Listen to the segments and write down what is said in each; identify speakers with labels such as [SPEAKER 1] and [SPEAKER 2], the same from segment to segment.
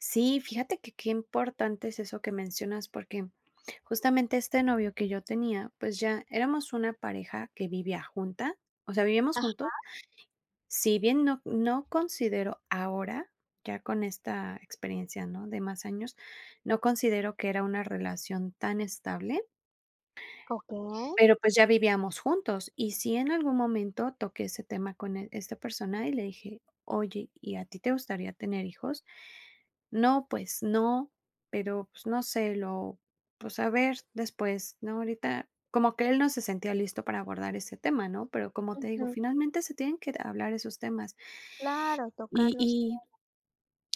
[SPEAKER 1] Sí, fíjate que qué importante es eso que mencionas, porque justamente este novio que yo tenía, pues ya éramos una pareja que vivía junta, o sea, vivíamos juntos.
[SPEAKER 2] Ajá.
[SPEAKER 1] Si bien no no considero ahora, ya con esta experiencia, ¿no?, de más años, no considero que era una relación tan estable
[SPEAKER 2] Okey.
[SPEAKER 1] pero pues ya vivíamos juntos. Y sí, en algún momento toqué ese tema con él esta persona y le dije: “Oye, ¿y a ti te gustaría tener hijos?”, “No, pues no, pero, pues no sé, lo pues a ver después. No, ahorita". Como que él no se sentía listo para abordar ese tema, ¿no? Pero como te digo,
[SPEAKER 2] Ujú.
[SPEAKER 1] finalmente se tienen que, eh, hablar esos temas.
[SPEAKER 2] Claro, tocar
[SPEAKER 1] Y
[SPEAKER 2] los
[SPEAKER 1] y
[SPEAKER 2] [unintelligible]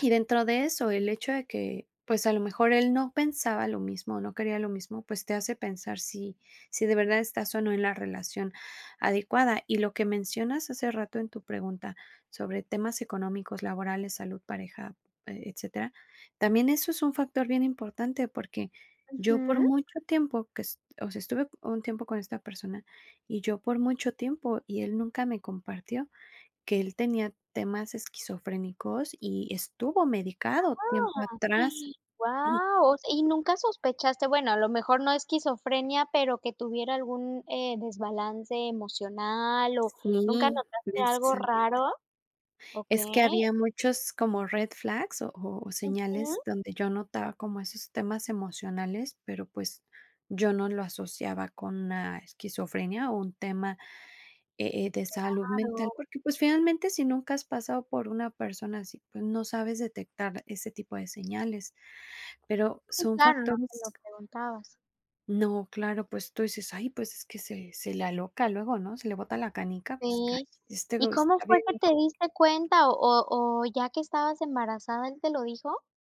[SPEAKER 1] y dentro de eso, el hecho de que, pues a lo mejor él no pensaba lo mismo, no quería lo mismo, pues te hace pensar si si de verdad estás o no en la relación adecuada. Y lo que mencionas hace rato en tu pregunta sobre temas económicos, laborales, salud, pareja, eh, etcétera, también eso es un factor bien importante, porque yo por
[SPEAKER 2] Ujú.
[SPEAKER 1] mucho tiempo que est o sea, estuve un tiempo con esta persona, y yo por mucho tiempo y él nunca me compartió que él tenía temas esquizofrénicos y estuvo
[SPEAKER 2] ¡Guau,
[SPEAKER 1] medicado tiempo atrás.
[SPEAKER 2] guau! ¿Y nunca sospechaste, bueno, a lo mejor no esquizofrenia, pero que tuviera algún, eh, desbalance emocional o nunca
[SPEAKER 1] Sí,
[SPEAKER 2] notaste algo
[SPEAKER 1] precisamente.
[SPEAKER 2] raro?
[SPEAKER 1] Es que
[SPEAKER 2] Okey.
[SPEAKER 1] había muchos como red flags o o o
[SPEAKER 2] Ujú.
[SPEAKER 1] señales donde yo notaba como esos temas emocionales, pero, pues, yo no lo asociaba con una esquizofrenia o un tema, e eh, de salud mental,
[SPEAKER 2] Claro.
[SPEAKER 1] porque, pues, finalmente, si nunca has pasado por una persona así, pues no sabes detectar ese tipo de señales, pero
[SPEAKER 2] Sí,
[SPEAKER 1] son
[SPEAKER 2] claro, no te lo
[SPEAKER 1] factores
[SPEAKER 2] preguntabas.
[SPEAKER 1] No, claro, pues tú dices: “Ay, pues es que se se le aloca luego, ¿no?, se le bota la canica, pues, claro,
[SPEAKER 2] Sí,
[SPEAKER 1] este
[SPEAKER 2] ¿y
[SPEAKER 1] güey
[SPEAKER 2] cómo
[SPEAKER 1] está
[SPEAKER 2] fue
[SPEAKER 1] bien
[SPEAKER 2] que te
[SPEAKER 1] loco".
[SPEAKER 2] diste cuenta o o o ya que estabas embarazada él te lo dijo?